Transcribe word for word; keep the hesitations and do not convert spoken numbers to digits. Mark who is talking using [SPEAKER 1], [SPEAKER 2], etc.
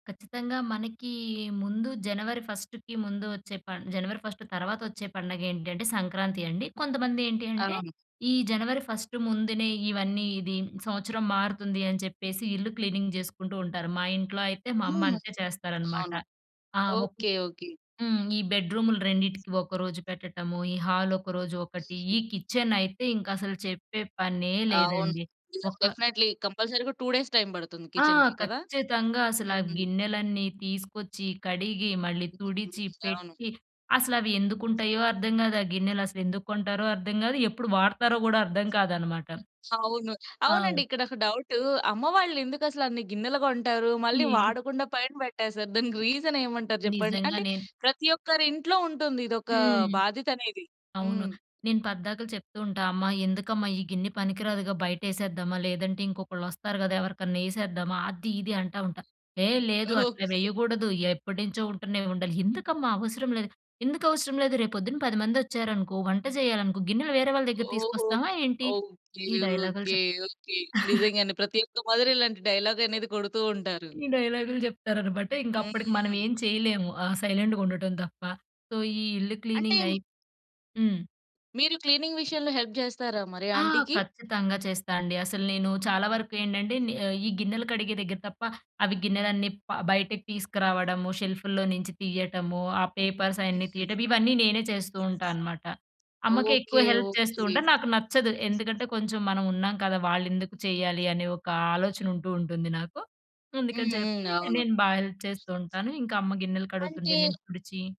[SPEAKER 1] ఖచ్చితంగా మనకీ ముందు జనవరి ఫస్ట్‌కి ముందు వచ్చే పన్ జనవరి ఫస్ట్ తర్వాత వచ్చే పండగేంటంటే, సంక్రాంతి అండి. కొంతమంది ఏంటి అంటే
[SPEAKER 2] అవును.
[SPEAKER 1] ఈ జనవరి ఫస్ట్ ముందునే ఇవన్నీ ఇది సంవత్సరం మారుతుంది అని చెప్పేసి ఇల్లు క్లీనింగ్ జేసుకుంటూ ఉంటారు. మా ఇంట్లో అయితే మా
[SPEAKER 2] హ్మ్.
[SPEAKER 1] అమ్మంతే చేస్తారనమాట.
[SPEAKER 2] అవును.
[SPEAKER 1] ఆ! ఒకొక్
[SPEAKER 2] ఓకే. ఓకే.
[SPEAKER 1] హ్మ్. ఈ బెడ్ రూములు రెండిటికి ఒకరోజు పెట్టటము. ఈ హాలొకరోజు ఒకటి.
[SPEAKER 2] హ్మ్.
[SPEAKER 1] ఈ కిచెనయితే ఇంకసలు చెప్పే పనే
[SPEAKER 2] అవును.
[SPEAKER 1] లేదండి! ఒక
[SPEAKER 2] డెఫినెట్‌లీ కంపల్సరీగా టూ డేస్ టైమ్ పడుతుంది
[SPEAKER 1] ఆ!
[SPEAKER 2] కిచెన్‌కి కదా!
[SPEAKER 1] ఖచ్చితంగా అసల ఆ
[SPEAKER 2] హుహు.
[SPEAKER 1] గిన్నెలన్నీ తీసుకొచ్చి, కడిగి, మళ్ళీ
[SPEAKER 2] అంటే
[SPEAKER 1] తుడిచి,
[SPEAKER 2] కొన్ని అవును.
[SPEAKER 1] పెట్టి అసలవి ఎందుకుంటాయో అర్థం గాదు. ఆ గిన్నెలసలు ఎందుకు కొంటారో అర్థం గాదు. ఎప్పుడు వాడతారో గూడా అర్థం కాదనమాట.
[SPEAKER 2] అవును.
[SPEAKER 1] ఆ!
[SPEAKER 2] అవునండి. ఇక్కడొక డౌటు అమ్మవాళ్ళు ఎందుకసల అన్ని గిన్నెలు కొంటారు. మళ్ళీ
[SPEAKER 1] ఏ
[SPEAKER 2] వాడకుండా పైన పెట్టేసారు. దానికి రీజనేమంటారు జెప్పండి?
[SPEAKER 1] నిజంగా
[SPEAKER 2] అంటే
[SPEAKER 1] నేను
[SPEAKER 2] ప్రతి ఒక్కరింట్లో ఉంటుంది ఇదొక
[SPEAKER 1] హ్మ్.
[SPEAKER 2] బాధ్యతనేది.
[SPEAKER 1] అవును.
[SPEAKER 2] హ్మ్.
[SPEAKER 1] నేను పద్దాకలు చెప్తూ ఉంటా, అమ్మ ఎందుకమ్మా ఈ గిన్నె పనికి రాదుగా బయటేసేద్దామా, లేదంటే ఇంకొకళ్ళు వస్తారు గదా! ఎవరికన్నా యేసేద్దామా అది, ఇది అంటా ఉంటా. "ఏహ్! లేదు అట్లా
[SPEAKER 2] ఓకే.
[SPEAKER 1] వేయ్యగూడదు. ఎప్పటి నుంచో ఉంటున్నాయి ఉండలి," ఎందుకమ్మా అవసరం లేదు. "ఎందుకవసరం లేదు రేపొద్దున పది మందొచ్చారనుకో వంట చేయాలనుకో గిన్నెలు వేరే వాళ్ళ దగ్గర
[SPEAKER 2] ఓహో!
[SPEAKER 1] తీసుకొస్తామా ఏంటి?"
[SPEAKER 2] ఓకే.
[SPEAKER 1] ఈ డైలాగ్‌లు
[SPEAKER 2] ఓకే.
[SPEAKER 1] చెప్
[SPEAKER 2] ఓకే. నిజంగానే ప్రతి ఒక్క మదరు ఇలాంటి డైలాగనేది కొడుతూ ఉంటారు.
[SPEAKER 1] ఈ డైలాగ్‌లు చెప్తారనమాట. ఇంక
[SPEAKER 2] హ్మ్,
[SPEAKER 1] అప్పడికి
[SPEAKER 2] హ్మ్.
[SPEAKER 1] మనమేమి చేయలేము. ఆ సైలెంట్‌గా ఉండటం తప్ప. సో, ఈ ఇల్లు
[SPEAKER 2] అంటే మ్
[SPEAKER 1] క్లీనింగయి హ్మ్.
[SPEAKER 2] మీరు క్లీనింగ్ విషయంలో హెల్ప్ జేస్తారా మరి
[SPEAKER 1] ఆ!
[SPEAKER 2] ఆంటీకి?
[SPEAKER 1] ఖచ్చితంగా చేస్తా అండి. అసలు నేను చాలా వరకు ఏంటంటే, నే ఈ గిన్నెలు కడిగే దగ్గర తప్ప అవి గిన్నెలన్నీ ప బయటకు తీసుకురావడము షెల్ఫ్‌ల్లో నించి తీయ్యటము ఆ పేపర్స్ అయన్నీ
[SPEAKER 2] హ్మ్.
[SPEAKER 1] తీయటము ఇవన్నీ నేనే చేస్తూ ఉంటా అనమాట. అమ్మకేక్కువ
[SPEAKER 2] ఓకే.
[SPEAKER 1] హెల్ప్ చేస్తూ
[SPEAKER 2] ఓకే.
[SPEAKER 1] ఉంటాను. నాకు నచ్చదు ఎందుకంటే కొంచెం మనం ఉన్నాం కదా! వాళ్ళెందుకు చేయ్యాలి. అనే ఒక ఆలోచన ఉంటూ, ఉంటుంది నాకు.
[SPEAKER 2] హ్మ్.
[SPEAKER 1] అందుకని
[SPEAKER 2] హ్మ్.
[SPEAKER 1] చెప్పి
[SPEAKER 2] అవును.
[SPEAKER 1] నేను బా హెల్ప్ చేస్తూ ఉంటాను. ఇంకా అమ్మ గిన్నెలు కడుగుతుంటే
[SPEAKER 2] అంటే
[SPEAKER 1] నేను తుడిచి